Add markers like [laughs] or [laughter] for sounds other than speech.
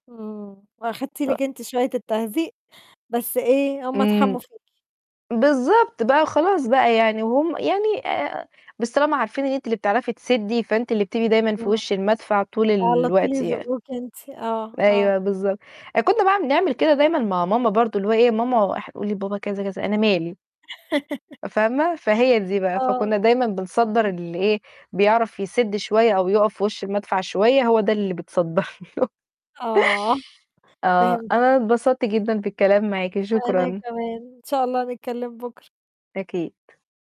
إمم، وأخدتِ أ لِك أنتِ شوية التهزيق بس إيه، هُم إمم. اتحموا فيكِ. بالضبط، بقى خلاص بقى يعني وهُم يعني آآ بس طلاما عارفين إن أنتِ اللي بتعرفي تسدّي فأنتِ اللي بتبقي دايمًا في إمم. وِش المدفع طول على طول الوقت يعني. يزقّوكِ أنتِ آه، آه. أيوه، بالضبط. آآ كنّا بقى بنعمل كده دايمًا مع ماما برضه اللي هو إيه ماما أح قولي لبابا كذا، كذا، "أنا مالي." [laughs] فاهمة، فهي دي بقى آه. فكنّا دايمًا بنصدّر [unintelligible] اللي إيه، بيعرف يسِد شوية أو يقَف في وِش المدفع شوية هو ده اللي بيتصدّر له. آه، آه، فهم أنا اتبسطت جدًا بالكلام معاكِ وأنا شكرًا. كمان، إن شاء الله نتكلّم بُكرة. أكيد.